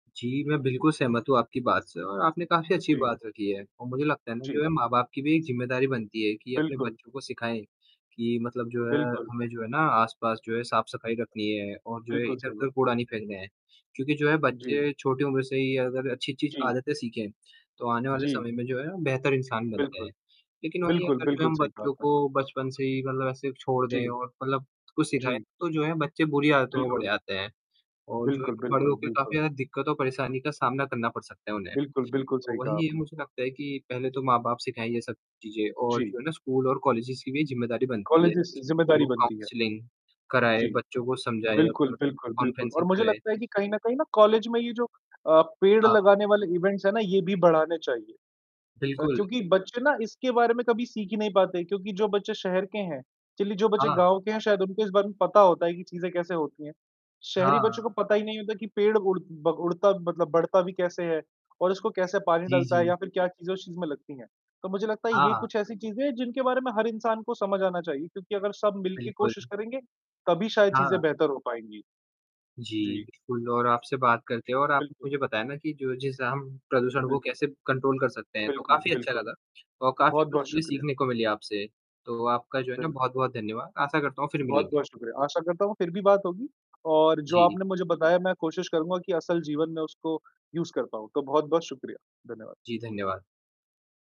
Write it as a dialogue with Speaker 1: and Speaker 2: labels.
Speaker 1: जी, मैं बिल्कुल सहमत हूँ आपकी बात से और आपने काफ़ी अच्छी
Speaker 2: जी।
Speaker 1: बात रखी है और मुझे लगता है ना, जो
Speaker 2: जी।
Speaker 1: है माँ-बाप की भी एक जिम्मेदारी बनती है कि अपने
Speaker 2: बिल्कुल।
Speaker 1: बच्चों को सिखाएँ, कि मतलब जो है
Speaker 2: बिल्कुल।
Speaker 1: हमें जो है ना आस-पास जो है साफ-सफाई रखनी है और जो है
Speaker 2: बिल्कुल सही
Speaker 1: इधर-उधर
Speaker 2: बात।
Speaker 1: कूड़ा नहीं फेंकना है, क्योंकि जो है
Speaker 2: जी।
Speaker 1: बच्चे छोटी उम्र से ही अगर अच्छी-अच्छी
Speaker 2: जी।
Speaker 1: आदतें सीखें, तो आने वाले
Speaker 2: जी।
Speaker 1: समय में जो है बेहतर इंसान बनते
Speaker 2: बिल्कुल,
Speaker 1: हैं। लेकिन वही
Speaker 2: बिल्कुल,
Speaker 1: अगर जो
Speaker 2: बिल्कुल,
Speaker 1: हम
Speaker 2: सही कहा
Speaker 1: बच्चों
Speaker 2: आपने।
Speaker 1: को बचपन से ही मतलब ऐसे छोड़
Speaker 2: जी,
Speaker 1: दें और मतलब कुछ सिखाएँ,
Speaker 2: जी।
Speaker 1: तो जो है बच्चे बुरी आदतों में बड़े
Speaker 2: बिल्कुल।
Speaker 1: आते हैं और जो है
Speaker 2: बिल्कुल,
Speaker 1: बड़े
Speaker 2: बिल्कुल,
Speaker 1: होके काफ़ी
Speaker 2: बिल्कुल।
Speaker 1: ज़्यादा दिक्कतों, परेशानी का सामना करना पड़ सकता है उन्हें।
Speaker 2: बिल्कुल, बिल्कुल,
Speaker 1: तो
Speaker 2: सही
Speaker 1: वहीं
Speaker 2: कहा
Speaker 1: ये
Speaker 2: आपने।
Speaker 1: मुझे लगता है कि पहले तो माँ-बाप सिखाएँ ये सब चीजें और
Speaker 2: जी।
Speaker 1: जो है ना स्कूल और कॉलेजेज की भी जिम्मेदारी बनती है,
Speaker 2: कॉलेजेज जिम्मेदारी
Speaker 1: वो
Speaker 2: बनती है।
Speaker 1: काउंसलिंग
Speaker 2: जी,
Speaker 1: कराएँ, बच्चों को समझाएँ,
Speaker 2: बिल्कुल, बिल्कुल, बिल्कुल। और
Speaker 1: कॉन्फ्रेंसिंग
Speaker 2: मुझे
Speaker 1: कराएँ।
Speaker 2: लगता है कि कहीं न कहीं ना कॉलेज में ये जो अ, पेड़
Speaker 1: हाँ।
Speaker 2: लगाने वाले इवेंट्स हैं ना, ये भी बढ़ाने चाहिए। अ,
Speaker 1: बिल्कुल।
Speaker 2: क्योंकि बच्चे ना इसके बारे में कभी सीख ही नहीं पाते क्योंकि जो बच्चे शहर के हैं, चलिए जो बच्चे
Speaker 1: हाँ।
Speaker 2: गाँव के हैं शायद उनको इस बारे में पता होता है कि चीजें कैसे होती हैं, शहरी बच्चों को
Speaker 1: हाँ।
Speaker 2: पता ही नहीं होता कि पेड़ उड़ ब उड़ता मतलब बढ़ता भी कैसे है और इसको कैसे पानी
Speaker 1: जी,
Speaker 2: डलता है
Speaker 1: जी।
Speaker 2: या फिर क्या चीजें उस चीज में लगती हैं। तो मुझे लगता है ये
Speaker 1: हाँ।
Speaker 2: कुछ ऐसी चीजें हैं, जिनके बारे में हर इंसान को समझ आना चाहिए क्योंकि अगर सब मिल के
Speaker 1: बिल्कुल।
Speaker 2: कोशिश करेंगे, तभी शायद चीजें
Speaker 1: हाँ।
Speaker 2: बेहतर हो पाएँगी।
Speaker 1: जी,
Speaker 2: जी।
Speaker 1: बिल्कुल और आपसे बात
Speaker 2: जी,
Speaker 1: करके और आपने
Speaker 2: बिल्कुल।
Speaker 1: मुझे बताया ना कि जो जिससे हम प्रदूषण को
Speaker 2: बिल्कुल।
Speaker 1: कैसे कंट्रोल कर सकते हैं, तो
Speaker 2: बिल्कुल,
Speaker 1: काफ़ी अच्छा
Speaker 2: बिल्कुल,
Speaker 1: लगा और काफ़ी कुछ
Speaker 2: बहुत-बहुत
Speaker 1: चीजें
Speaker 2: शुक्रिया।
Speaker 1: सीखने को मिली आपसे, तो आपका जो है ना
Speaker 2: बिल्कुल।
Speaker 1: बहुत-बहुत धन्यवाद। आशा करता हूँ फिर मिलेंगे।
Speaker 2: बहुत-बहुत शुक्रिया, आशा करता हूँ फिर भी बात होगी और जो
Speaker 1: जी।
Speaker 2: आपने मुझे बताया मैं कोशिश करूँगा कि असल जीवन में उसको यूज़ कर पाऊँ, तो बहुत-बहुत शुक्रिया। धन्यवाद।
Speaker 1: जी, धन्यवाद।